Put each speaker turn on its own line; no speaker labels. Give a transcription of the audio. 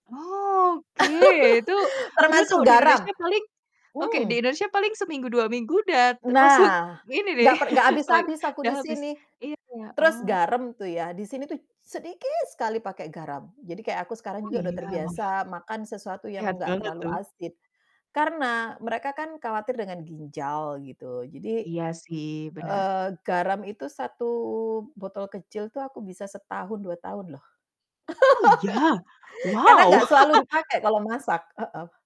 Oh, oke itu padahal kalau
Termasuk
di
garam.
Indonesia paling oke, di
Hmm.
Indonesia paling seminggu 2 minggu udah
E
termasuk
nah,
ini nih
gak per gak
sewak
habis-habis aku
udah
di
habis
sini.
iya ya,
Terus
oh.
garam tuh ya di sini tuh sedikit sekali pakai garam, jadi kayak aku sekarang
Oh,
juga udah
iya? Wah.
terbiasa makan sesuatu yang
Sehat
nggak
banget
terlalu
tuh.
asin, karena mereka kan khawatir dengan ginjal gitu. Jadi,
Iya sih, bener.
eee, garam itu 1 botol kecil tuh aku bisa setahun 2 tahun loh.
Oh iya?
Karena
Wow!
nggak selalu dipakai kalau masak, heeh.